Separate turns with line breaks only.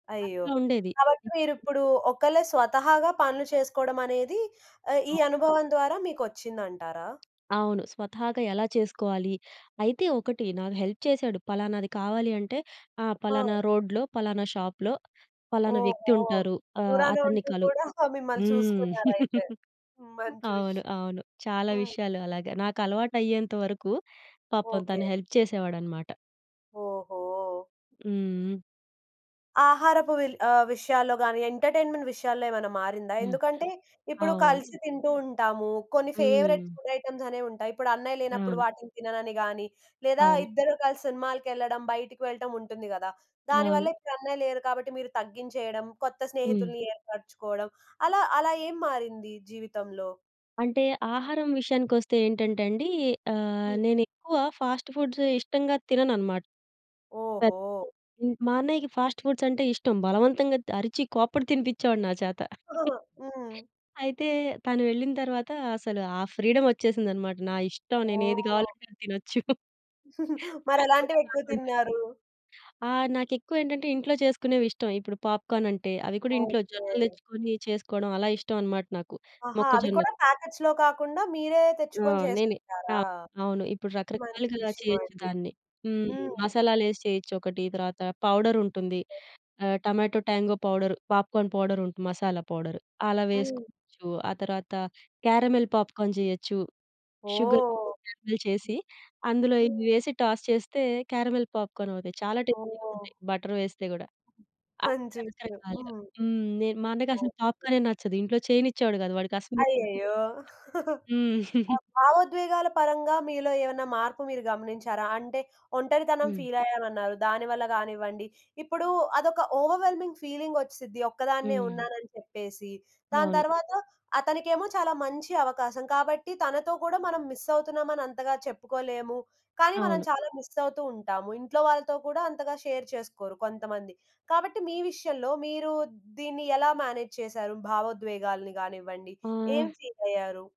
అయ్యో!
అక్క ఉండేది.
కాబట్టి మీరిప్పుడు ఒకళ్ళే స్వతహాగా పనులు చేసుకోడమనేది ఆహ్, ఈ
అవును.
అనుభవం ద్వారా మీకొచ్చిందంటారా?
అవును. స్వతహాగా ఎలా చేసుకోవాలి? అయితే ఒకటి, నాకు హెల్ప్ చేసాడు, పలానాది కావాలి అంటే, ఆహ్,
ఆ!
పలానా రోడ్‌లో, పలానా షాపులో, పలానా
ఓహో!
వ్యక్తుంటారు, ఆహ్,
దూరాన
అతన్ని
ఉంటూ
కలువు.
కూడా మిమ్మల్ని
హ్మ్.
చూసుకున్నారయితే. మంచి
అవును.
విషయం.
అవును. చాలా
హ్మ్.
విషయాలు అలాగ. నాకలవాటయ్యేంత వరకు, పాపం
ఓకే.
తను హెల్ప్ చేసేవాడనమాట.
ఓహో!
హ్మ్.
ఆహారపు విల్ ఆహ్, విషయాల్లో గానీ, ఎంటర్‌టైన్‌మెంట్ విషయాల్లో ఏమన్నా మారిందా?
హ్మ్.
ఎందుకంటే, ఇప్పుడు
అవును.
కలిసి తింటూ ఉంటాము, కొన్ని ఫేవరెట్
హ్మ్.
ఫుడ్ ఐటెమ్స్ అనేవుంటాయి, ఇప్పుడన్నయ్య లేనప్పుడు,
అవును.
వాటిని తిననని గానీ, లేదా
అవును.
ఇద్దరు కలిసి సినిమాలకెళ్ళడం, బయటకి వెళ్ళటం ఉంటుంది గదా! దానివల్ల
అవును.
ఇప్పుడన్నయ్య లేరు కాబట్టి, మీరు తగ్గించేయడం, కొత్త
హ్మ్.
స్నేహితుల్ని ఏర్పరుచుకోడం, అలా అలా ఏం మారింది జీవితంలో?
అంటే, ఆహారం విషయానికొస్తే ఏంటంటండీ, ఆహ్,
హ్మ్.
నేనెక్కువ ఫాస్ట్ ఫుడ్స్ ఇష్టంగా తినననమాట. పెప్
ఓహో!
హ్మ్, మా అన్నయ్యకి ఫాస్ట్ ఫుడ్సంటే ఇష్టం, బలవంతంగా అరిచి కోప్పడి తినిపిచ్చేవాడు నా చేత.
ఆ! హ్మ్.
అయితే, తను వెళ్ళిన తరవాతా, అసలు ఆ ఫ్రీడమొచ్చేసిందనమాట. నా ఇష్టం, నేనేది
ఓహ్!
కావాలంటే అది తినొచ్చు. ఫాస్ట్ ఫూడ్స్
మరెలాంటివెక్కువ
కాకుండా.
తిన్నారు?
ఆ! నాకెక్కువేంటంటే, ఇంట్లో చేసుకునేవిష్టం. ఇప్పుడు పాప్‌కార్నంటే, అవి కూడా ఇంట్లో జొన్నలు
ఓకే.
తెచ్చుకొని, చేసుకోడం అలా ఇష్టవనమాట నాకు.
ఆహా! అవి
మొక్కజొన్నలు
కూడా ప్యాకెట్స్‌లో కాకుండా, మీరే
ఆ!
తెచ్చుకొని
నేనే. ఆ!
జేసుకుంటారా?
అవును. ఇప్పుడు
మంచి
రకరకాలుగా చేయొచ్చు
విషయమండి.
దాన్ని. హ్మ్.
హ్మ్.
మసాలాలేసి చేయొచ్చొకటి, తర్వాత పౌడరుంటుంది, ఆహ్, టమాటో ట్యాంగో పౌడరు, పాప్‌కార్న్ పౌడరుంటు మసాలా పౌడరు. అలా
హ్మ్.
వేసుకోవచ్చు. ఆ తర్వాత క్యారమిల్ పాప్‌కార్న్ జేయొచ్చు. షుగర్‌ని
ఓహ్!
క్యారమిల్ చేసి, అందులో
హ్మ్.
ఇవి వేసి, టాస్ చేస్తే క్యారమిల్ పాప్‌కార్నవుతాయి. చాలా
ఓహ్!
టేస్టీగుంటాయి, బటర్ వేస్తే గూడా. [unintelligible]
మంచి విషయం.
రకరకాలుగా
హ్మ్.
హ్మ్. నేన్ మా అన్నకసలు
ఓకే.
పాప్‌కార్నే నచ్చదు. ఇంట్లో చేయనిచ్చేవాడు కాదు. వాడికసలు
అయ్యయ్యో!
హ్మ్.
ఆ భావోద్వేగాల పరంగా, మీలో ఏవన్నా మార్పు మీరు గమనించారా? అంటే ఒంటరితనం
హ్మ్.
ఫీలయ్యానన్నారు, దానివల్ల గానివ్వండి, ఇప్పుడు అదొక ఓవర్‌వెల్మింగ్ ఫీలింగొచ్చిసిద్ది, ఒక్కదాన్నే
హ్మ్.
ఉన్నానని చెప్పేసి. దాని
అవును.
తరవాత, అతనికేమో చాలా మంచి అవకాశం, కాబట్టి తనతో కూడా మనం మిస్సవుతున్నామని అంతగా చెప్పుకోలేము, కానీ మనం
అవును.
చాలా మిస్సవుతూ ఉంటాము. ఇంట్లో వాళ్ళతో కూడా, అంతగా షేర్ చేసుకోరు కొంతమంది. కాబట్టి మీ విషయంలో, మీరు దీన్ని ఎలా మేనేజ్ చేసారు? భావోద్వేగాల్ని గానివ్వండి, ఏం
ఆహ్
ఫీలయ్యారు?